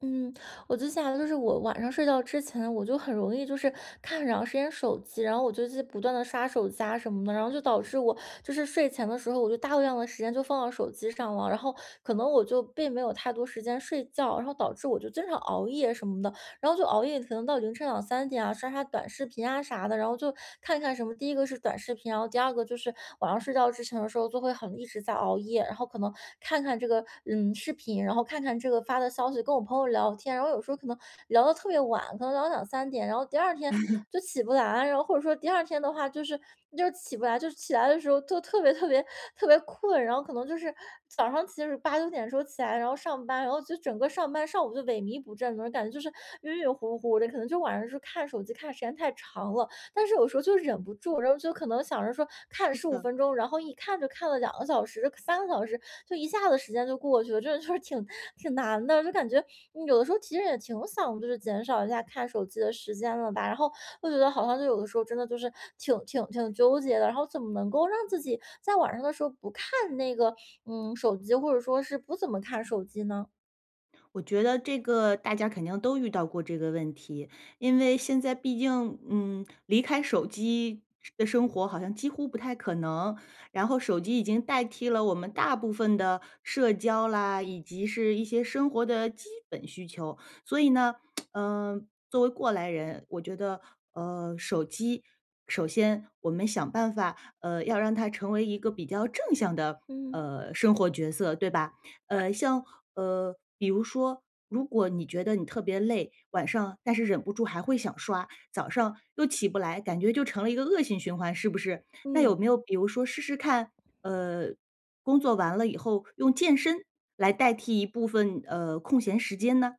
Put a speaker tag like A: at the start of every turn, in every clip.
A: 嗯，我就想的就是我晚上睡觉之前我就很容易就是看很长时间手机，然后我就不断地刷手机啊什么的，然后就导致我就是睡前的时候我就大量的时间就放到手机上了。然后可能我就并没有太多时间睡觉，然后导致我就经常熬夜什么的，然后就熬夜可能到凌晨2-3点啊，刷刷短视频啊啥的。然后就看看什么第一个是短视频，然后第二个就是晚上睡觉之前的时候就会很一直在熬夜。然后可能看看这个，嗯，视频，然后看看这个发的消息，跟我朋友聊天，然后有时候可能聊得特别晚，可能聊到2-3点，然后第2天 就起不来，然后或者说第2天的话就是就起不来，就是起来的时候就特别特别特别困。然后可能就是早上其实8-9点时候起来，然后上班，然后就整个上班上午就萎靡不振。那种感觉就是晕晕糊糊的，可能就晚上就看手机看时间太长了。但是有时候就忍不住，然后就可能想着说看
B: 是
A: 15
B: 的。
A: 分钟，然后一看就看了2个小时，3个小时就一下子时间就过去了。这就是挺挺难的，就感觉，呃，有的时候其实也挺想就是减少一下看手机的时间了吧。然后我觉得好像就有的时候真的就是挺挺挺纠结的，然后怎么能够让自己在晚上的时候不看那个，嗯，手机，或者说是不怎么看手机呢？
B: 我觉得这个大家肯定都遇到过这个问题，因为现在毕竟，嗯，离开手机的生活好像几乎不太可能。然后手机已经代替了我们大部分的社交啦，以及是一些生活的基本需求。所以呢，呃，作为过来人，我觉得，呃，手机首先我们想办法，呃，要让它成为一个比较正向的，
A: 嗯。
B: 呃，生活角色，对吧？呃，像呃，比如说如果你觉得你特别累晚上，但是忍不住还会想刷，早上又起不来，感觉就成了一个恶性循环，是不是？那
A: 嗯。
B: 有没有比如说试试看，呃，工作完了以后用健身来代替一部分，呃，空闲时间呢？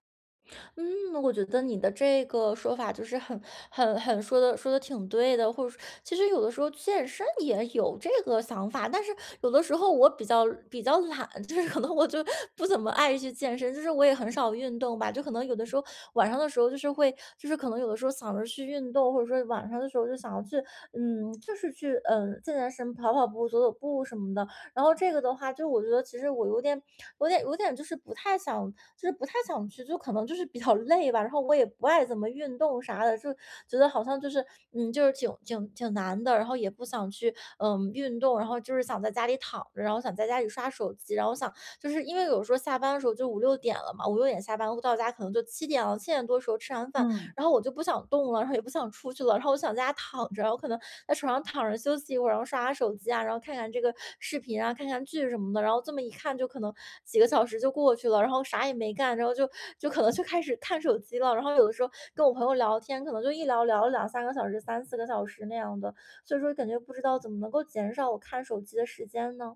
A: 嗯，我觉得你的这个说法就是很很很说得说得挺对的，或者说其实有的时候健身也有这个想法，但是有的时候我比较比较懒，就是可能我就不怎么爱去健身，就是我也很少运动吧。就可能有的时候，晚上的时候就是会就是可能有的时候想着去运动，或者说晚上的时候就想要去，嗯就是去，呃，健健身、跑跑步、走走步什么的，然后这个的话就我觉得其实我有点有点有点就是不太想就是不太想去，就可能就是比较累吧。然后我也不爱怎么运动啥的，就觉得好像就是，嗯就是挺挺挺难的，然后也不想去，呃，运动，然后就是想在家里躺着，然后想在家里刷手机。然后想就是因为有时候下班的时候就5:00-6:00了嘛，5:00-6:00下班到家可能就7:00了，7:00多的时候吃完饭，
B: 嗯。
A: 然后我就不想动了，然后也不想出去了，然后我想在家躺着，我可能在床上躺着休息一会儿，然后刷下手机啊，然后看看这个视频啊，看看剧什么的，然后这么一看就可能几个小时就过去了，然后啥也没干，然后就就可能就开始看手机了。然后有的时候跟我朋友聊天，可能就一聊聊了2-3个小时，3-4个小时那样的，所以说感觉不知道怎么能够减少我看手机的时间呢？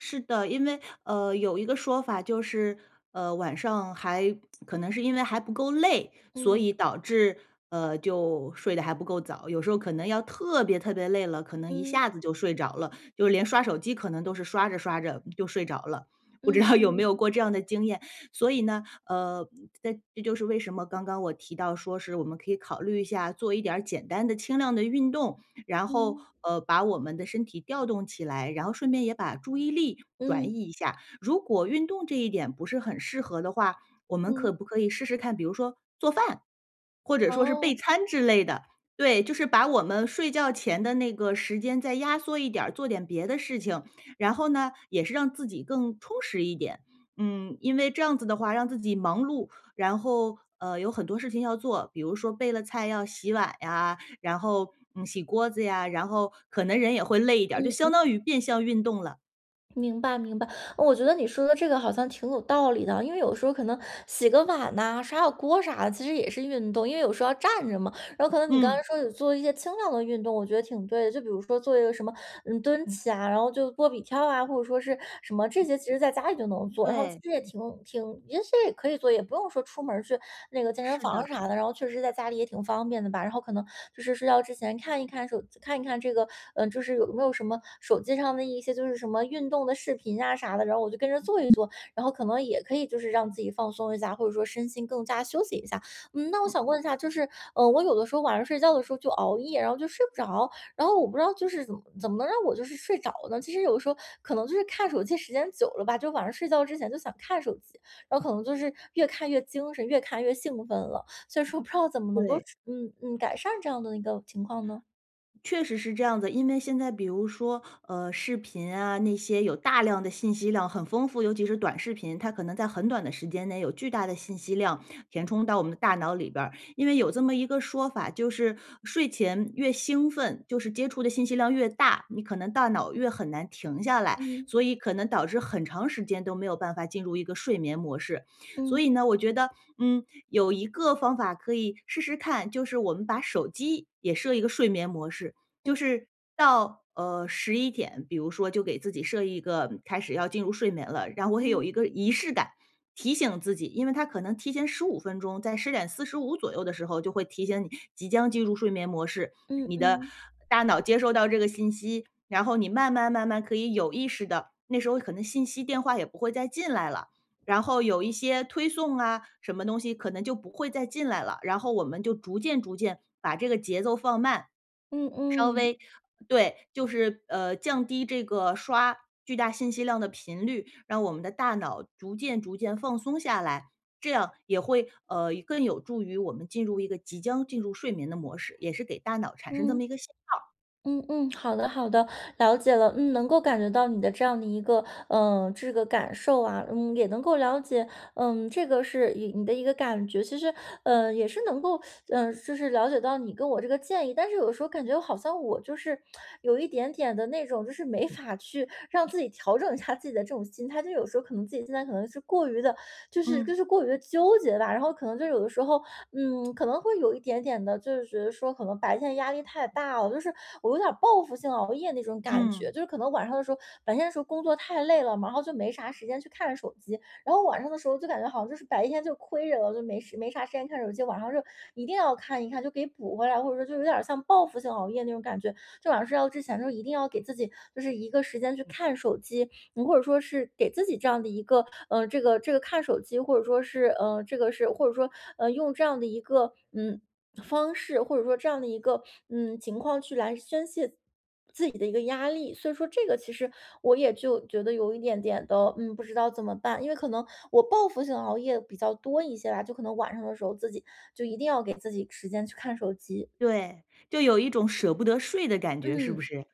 B: 是的。因为，呃，有一个说法就是，呃，晚上还 可能是因为还不够累，所
A: 嗯。
B: 以导致，呃，就睡得还不够早。有时候可能要特别特别累了，可能一
A: 嗯。
B: 下子就睡着了，就连刷手机可能都是刷着刷着就睡着了。不知
A: 嗯
B: 道有没
A: 嗯。
B: 有过这样的经验？所以呢，呃，这这就是为什么刚刚我提到说是，我们可以考虑一下做一点儿简单的轻量的运动，然后，
A: 嗯。
B: 呃，把我们的身体调动起来，然后顺便也把注意力转
A: 嗯。
B: 移一下。如果运动这一点不是很适合的话，我们可
A: 嗯。
B: 不可以试试看比如说做饭？或者说是备
A: 哦。
B: 餐之类的，对，就是把我们睡觉前的那个时间再压缩一点儿，做点别的事情，然后呢，也是让自己更充实一点。嗯，因为这样子的话让自己忙碌，然后，呃，有很多事情要做，比如说备了菜要洗碗呀，然后，嗯洗锅子呀，然后可能人也会累一点儿，就
A: 嗯
B: 相
A: 嗯。
B: 当于变相运动了。
A: 明白明白，我觉得你说的这个好像挺有道理的。因为有时候可能洗个碗呐、刷下锅啥的，其实也是运动，因为有时候要站着嘛。然后可能你刚才
B: 嗯。
A: 说有做一些轻量的运动，我觉得挺对的。就比如说做一个什么，嗯，蹲起啊，然后就波比跳啊，或者说是什么这些其实在家里就能做，然后其
B: 对。
A: 实也挺挺也是也可以做，也不用说出门儿去那个健身
B: 是
A: 房
B: 的。
A: 啥的，然后确实在家里也挺方便的吧。然后可能就是睡觉之前看一看手机看一看这个嗯，就是有没有什么手机上的一些就是什么运动的视频啊啥的，然后我就跟着做一做，然后可能也可以就是让自己放松一下，或者说身心更加休息一下。嗯，那我
B: 嗯。
A: 想问一下就是，呃，我有的时候晚上睡觉的时候就熬夜，然后就睡不着，然后我不知道就是怎怎么能让我就是睡着呢？其实有时候可能就是看手机时间久了吧，就晚上睡觉之前就想看手机，然后可能就是越看越精神、越看越兴奋了。所以说不知道怎么能够
B: 对。
A: 处嗯嗯改善这样的一个情况呢？
B: 确实是这样子，因为现在比如说，呃，视频啊，那些有大量的信息量很丰富，尤其是短视频，它可能在很短的时间内有巨大的信息量填充到我们的大脑里边儿。因为有这么一个说法，就是睡前越兴奋，就是接触的信息量越大，你可能大脑越很难停下来，
A: 嗯。
B: 所以可能导致很长时间都没有办法进入一个睡眠模式。所以
A: 嗯。
B: 呢，我觉得，嗯，有一个方法可以试试看，就是我们把手机也设一个睡眠模式，
A: 嗯。
B: 就是到，呃，11点，比如说就给自己设一个开始要进入睡眠了，然后我也有
A: 嗯。
B: 一个仪式感，提醒自己，因为它可能提前15分钟在10:45左右的时候就会提醒你即将进入睡眠模式，
A: 嗯
B: 你的
A: 嗯。
B: 大脑接收到这个信息，然后你慢慢慢慢可以有意识地那时候可能信息电话也不会再进来了，然后有一些推送啊什么东西可能就不会再进来了，然后我们就逐渐逐渐把这个节奏放慢。
A: 嗯
B: 稍
A: 嗯。
B: 微对，就是，呃，降低这个刷巨大信息量的频率，让我们的大脑逐渐逐渐放松下来，这样也会，呃，更有助于我们进入一个，即将进入睡眠的模式，也是给大脑产生这
A: 嗯。
B: 么一个信号。
A: 嗯嗯，好的好的，了解了，嗯。能够感觉到你的这样的一个，呃，这个感受啊。嗯，也能够了解，嗯，这个是一你的一个感觉。其实，呃，也是能够，呃，就是了解到你跟我这个建议，但是有时候感觉好像我就是有 一点点的那种就是没法去让自己调整一下自己的这种心态，就有时候可能自己现在可能是过于地就是
B: 嗯。
A: 就是过于地纠结吧。然后可能就有的时候，嗯，可能会有一点点的就是觉得说可能白天压力太大了，就是我有点儿报复性熬夜那种感
B: 嗯。
A: 觉。就是可能晚上的时候白天的时候工作太累了，然后就没啥时间去看手机，然后晚上的时候就感觉好像就是白天就亏着了，就没时没啥时间看手机，晚上就一定要看一看，就给补回来，或者说就有点儿像报复性熬夜那种感觉。就晚上睡觉之前呢，一定要给自己就是一个时间去看手机，嗯，或者说是给自己这样的一个呃，这个这个看手机，或者说是，呃这个是或者说，呃，用这样的一个，嗯，方式，或者说这样的一个，嗯，情况去来宣泄自己的一个压力。所以说这个其实我也就觉得有一点点的，嗯，不知道怎么办。因为可能我报复性熬夜比较多一些吧，就可能晚上的时候自己就一定要给自己时间去看手机。
B: 对，就有一种舍不得睡的感觉，是不
A: 嗯。
B: 是？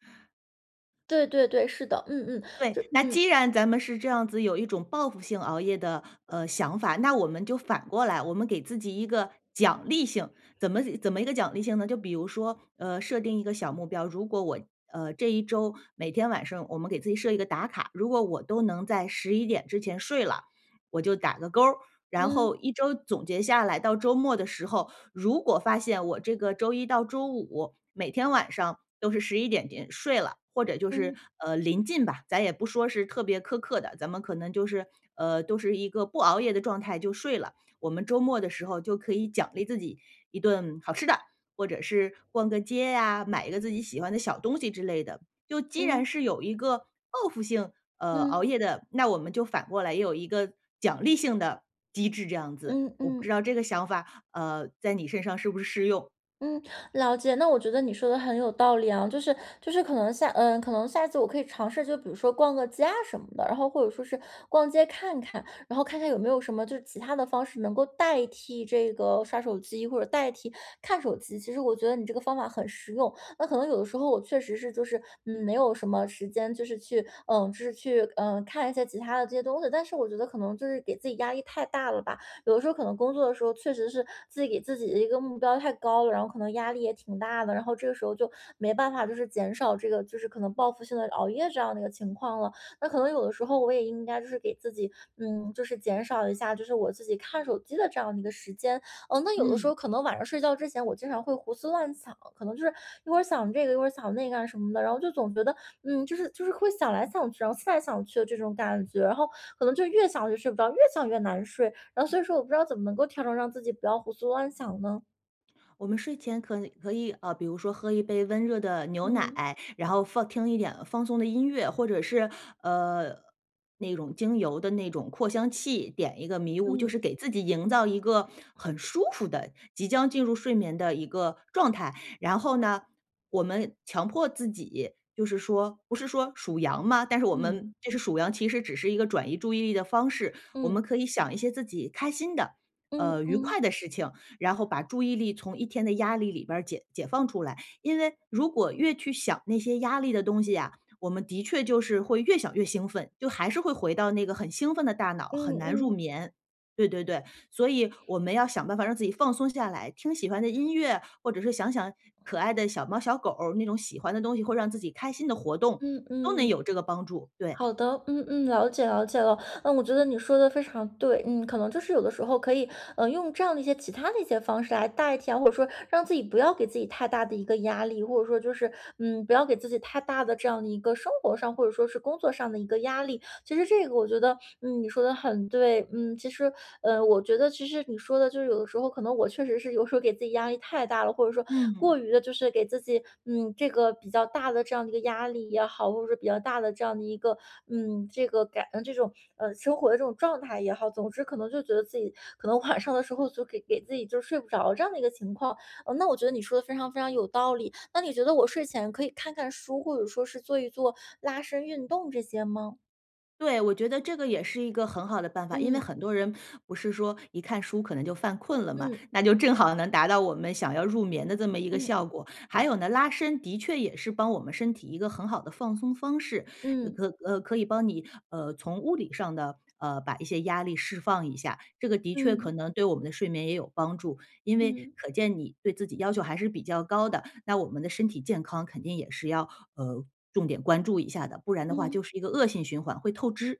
A: 对对对，是的。嗯嗯，
B: 对，
A: 这
B: 那
A: 嗯。
B: 既然咱们是这样子有一种报复性熬夜的，呃，想法，那我们就反过来，我们给自己一个奖励性。怎么怎么一个奖励性呢，就比如说，呃，设定一个小目标。如果我，呃，这一周，每天晚上我们给自己设一个打卡，如果我都能在11点之前睡了，我就打个勾儿。然
A: 嗯。
B: 后一周总结下来，到周末的时候，如果发现我这个周一到周五，每天晚上都是11点点睡了，或者就是，
A: 嗯。
B: 呃，临近吧，咱也不说是特别苛刻的，咱们可能就是，呃，都是一个不熬夜的状态就睡了，我们周末的时候就可以奖励自己一顿好吃的，或者是逛个街啊，买一个自己喜欢的小东西之类的。就既然
A: 嗯。
B: 是有一个报复性，呃，熬
A: 嗯。
B: 夜的，那我们就反过来也有一个奖励性的机制这样子，
A: 嗯，
B: 我不知
A: 嗯。
B: 道这个想法，呃，在你身上是不是适用？
A: 嗯，了解。那我觉得你说的很有道理啊，就是就是可能下呃，可能下次我可以尝试，就比如说逛个街啊什么的。然后或者说是逛街看看，然后看看有没有什么就是其他的方式能够代替这个刷手机或者代替看手机。其实我觉得你这个方法很实用，那可能有的时候我确实是就是，嗯，没有什么时间就是去呃，就是去，呃，看一下其他的这些东西，但是我觉得可能就是给自己压力太大了吧。有的时候可能工作的时候确实是自己给自己的一个目标太高了，然后可能压力也挺大的，然后这个时候就没办法就是减少这个就是可能报复性的熬夜这样的一个情况了。那可能有的时候我也应该就是给自己，嗯，就是减少一下，就是我自己看手机的这样的一个时间。呃，那有的时
B: 嗯。
A: 候可能晚上睡觉之前我经常会胡思乱想，可能是一会儿想这个一会儿想那个啊什么的，然后就总觉得，嗯，就是就是会想来想去，然后思来想去的这种感觉，然后可能就越想就睡不着，越想越难睡。然后所以说我不知道怎么能够调整让自己不要胡思乱想呢？
B: 我们睡前可能可以，呃，比如说喝一杯温热的牛
A: 嗯。
B: 奶，然后放听一点放松的音乐，或者是，呃，那种精油的那种扩香器点一个迷雾，就
A: 嗯。
B: 是给自己营造一个很舒服的，即将进入睡眠的一个状态。然后呢，我们强迫自己，就是说不是说数羊嘛，但是我
A: 嗯。
B: 们就是数羊其实只是一个转移注意力的方式。我
A: 嗯。
B: 们可以想一些自己开心的，
A: 嗯
B: 呃，愉快
A: 嗯。
B: 的事情，然后把注意力从一天的压力里边儿解解放出来。因为如果越去想那些压力的东西呀，我们的确就是会越想越兴奋，就还是会回到那个很兴奋的大脑，
A: 嗯
B: 很难入
A: 嗯。
B: 眠。对对对，所以我们要想办法让自己放松下来，听喜欢的音乐，或者是想想可爱的小猫、小狗，那种喜欢的东西，会让自己开心的活动，
A: 嗯
B: 都能
A: 嗯。
B: 有这个帮助，对。
A: 好的，嗯嗯，了解了解了，嗯，我觉得你说得非常对。嗯，可能就是有的时候可以，呃，用这样的一些其它的一些方式来代替啊，或者说让自己不要给自己太大的一个压力。或者说就是，嗯，不要给自己太大的这样的一个生活上，或者说是工作上的一个压力，其实这个我觉得，嗯，你说得很对。嗯，其实，呃，我觉得其实你说的就是有的时候可能我确实是有时候给自己压力太大了，或者说
B: 嗯。
A: 过于地就是给自己，嗯，这个比较大的这样的一个压力也好，或者说比较大的这样的一个，嗯，这个感这种，呃，生活的这种状态也好，总之可能就觉得自己可能晚上的时候就给给自己就睡不着这样的一个情况。呃，那我觉得你说得非常非常有道理，那你觉得我睡前可以看看书，或者说是做一做拉伸运动这些吗？
B: 对，我觉得这个也是一个很好的办法。因为
A: 嗯。
B: 很多人不是说一看书可能就犯困了吗，
A: 嗯。
B: 那就正好能达到我们想要入眠的这么一个
A: 嗯。
B: 效果。还有呢，拉伸的确也是帮我们身体一个很好的放松方式，呃，
A: 嗯。
B: 可呃，可以帮你，呃，从物理上地，呃，把一些压力释放一下，这个的确可
A: 嗯。
B: 能对我们的睡眠也有帮助。因为
A: 嗯。
B: 可见你对自己要求还是比较高的，那我们的身体健康肯定也是要，呃，重点关注一下的，不然的话
A: 嗯。
B: 就是一个恶性循环，会透支，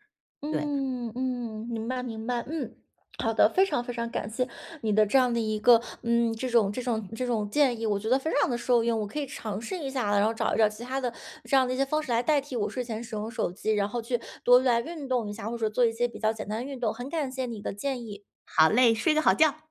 B: 对。
A: 嗯，嗯，明白明白，嗯，好的。非常非常感谢你的这样的一个，嗯，这种这种这种建议，我觉得非常地受用。我可以尝试一下，然后找一找其它的这样的一些方式来代替我睡前使用手机，然后去多来运动一下，或者做一些比较简单的运动，很感谢你的建议。
B: 好嘞，睡个好觉。